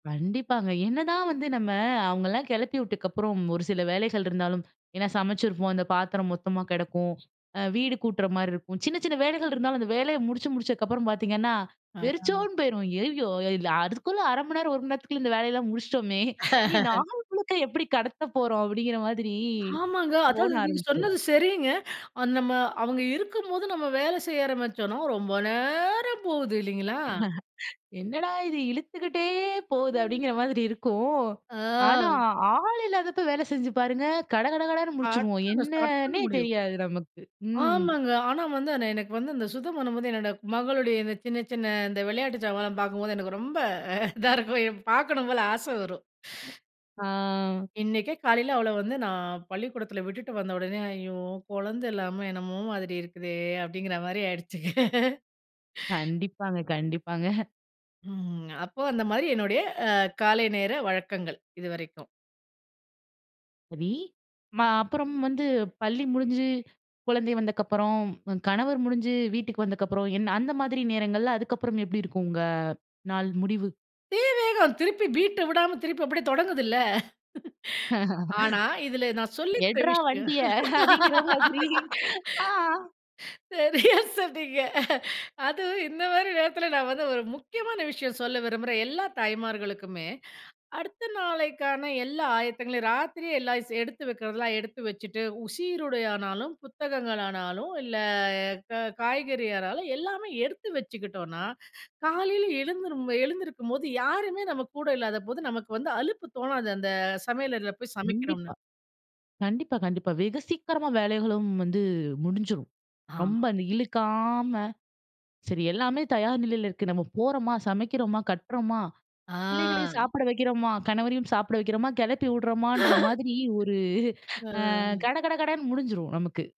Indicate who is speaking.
Speaker 1: கண்டிப்பாங்க. என்னதான் வந்து நம்ம அவங்களலாம் கெளப்பி விட்டக்கப்புறம், ஒரு சில வேலைகள் இருந்தாலும், ஏன்னா, சமைச்சிருப்போம். அந்த பாத்திரம் மொத்தமா கெடக்கும். அ வீடு கூட்டுற மாரி இருக்கும். சின்ன, சின்ன வேலைகள் இருந்தாலும், அந்த வேலைய முடிச்சு, முடிச்சக்கப்புறம் பார்த்தீங்கன்னா,
Speaker 2: ஆஹ.
Speaker 1: வெறிச்சோன்னு போயிரும். "ஐய்யயோ! இதுல அதுக்குள்ள 1/2 மணி நேரம், 1 மணி நேரத்துக்குள்ள இந்த வேலையெல்லாம் முடிச்சிட்டோமே. இனி நாள் முழுக்க எப்பிடி கடத்தப் போறோம்?" அப்பிடிங்கிற மாதிரி
Speaker 2: ஆமாங்க.
Speaker 1: தோண
Speaker 2: அதாவது நீங்க
Speaker 1: ஆரம்பிச்சுரும்.
Speaker 2: சொன்னது சரிங்க. அது நம்ம அவங்க இருக்கும்போது நம்ம வேலை செய்ய ஆரம்பிச்சோம்னா, ரொம்ப நேரம் போகுது. இல்லீங்களா.
Speaker 1: "என்னடா இது! இழுத்துக்கிட்டே போகுது"
Speaker 2: ம்.
Speaker 1: அப்பிடீங்கிற மாதிரி இருக்கும். ஆனா,
Speaker 2: ஆ.
Speaker 1: ஆ ஆள் இல்லாதப்ப வேலை செஞ்சு பாருங்க. கடகடகடன்னு முடிச்சுருவோம்.
Speaker 2: அடுத்து நம்ம ஸ்டார்ட் பண்ண
Speaker 1: என்னன்னே
Speaker 2: முடியும்.
Speaker 1: தெரியாது, நமக்கு. ம்.
Speaker 2: ஆமாங்க. ஆனா வந்து ஆனா எனக்கு வந்து, இந்த சுத்தம் பண்ணும்போது, என்னோட மகளுடைய இந்த சின்ன, சின்ன இந்த வெளையாட்டு சாமான்லாம் பார்க்கும்போது, எனக்கு ரொம்ப இதா இருக்கும். எ பார்க்கணும் போல ஆசை வரும்.
Speaker 1: ஆ.
Speaker 2: இன்னைக்கே, காலையில அவள வந்து நான் பள்ளிக்கூடத்தில விட்டுட்டு வந்த உடனே, "ஐயோ! கொழந்தை இல்லாம என்னமோ மாதிரி இருக்குதே." அப்படிங்கிற மாரி ஆயிடுச்சுங்க.
Speaker 1: கண்டிப்பாங்க. கண்டிப்பாங்க.
Speaker 2: ம். அப்போ அந்த மாரி என்னுடைய காலை நேர வழக்கங்கள், இதுவரைக்கும்.
Speaker 1: சரி. ம அப்புறம் வந்து பள்ளி முடிஞ்சு, குழந்தை வந்தக்கப்புறம், கணவர் முடிஞ்சு வீட்டுக்கு வந்தக்கப்புறம், என்ன அந்த மாதிரி நேரங்கள்ல அதுக்கப்புறம் எப்பிடி இருக்கும், உங்க நாள் முடிவு?
Speaker 2: தீ வேகம். திருப்பி பீட்ட விடாம, திருப்பி அப்படியே தொடங்குதுல்ல. ஆனா, இதில நான் சொல்லி தர்ற
Speaker 1: "எட்றா
Speaker 2: விஷயம்.
Speaker 1: வண்டிய" அப்பிடீங்கிற மாதிரி. ஆ.
Speaker 2: சரியா சொன்னீங்க. அதுவும் இந்த மாரி நேரத்தில, நான் வந்து ஒரு முக்கியமான விஷயம் சொல்ல விரும்புறேன், எல்லா தாய்மார்களுக்குமே. அடுத்த நாளைக்கான எல்லா ஆயத்தங்களையும், ராத்திரியே எல்லாம் ஸ் எடுத்து வைக்கிறதுலாம், எடுத்து வச்சுட்டு, உ சீருடையானாலும், புத்தகங்களானாலும், இல்ல, க காய்கறியானாலும் எல்லாமே எடுத்து வச்சுக்கிட்டோம்னா, காலையில் எழுந்திரும் எழுந்திருக்கும்போது யாருமே நம்ம கூட இல்லாதபோது, நமக்கு வந்து அலுப்பு தோணாது, அந்த சமையலறைல போய் சமைக்கிறோம்னு.
Speaker 1: கண்டிப்பா. கண்டிப்பா கண்டிப்பா. வெகு சீக்கிரமா வேலைகளும் வந்து முடிஞ்சுரும். ரொம்ப
Speaker 2: ஆமா.
Speaker 1: அந்த இழுக்காம, சரி, எல்லாமே தயார் நிலையில இருக்கு. நம்ம போறோமா, சமைக்கிறோமா, கட்டுறோமா,
Speaker 2: ஆ
Speaker 1: பிள்ளைகளையும் சாப்பிட வைக்கிறோமா, கணவரையும் சாப்பிட வைக்கிறோமா, கெளப்பி விடுறோமான்ற மாதிரி ஒரு ஆ
Speaker 2: ஆ.
Speaker 1: கட கட கடன்னு முடிஞ்சிரும், நமக்கு.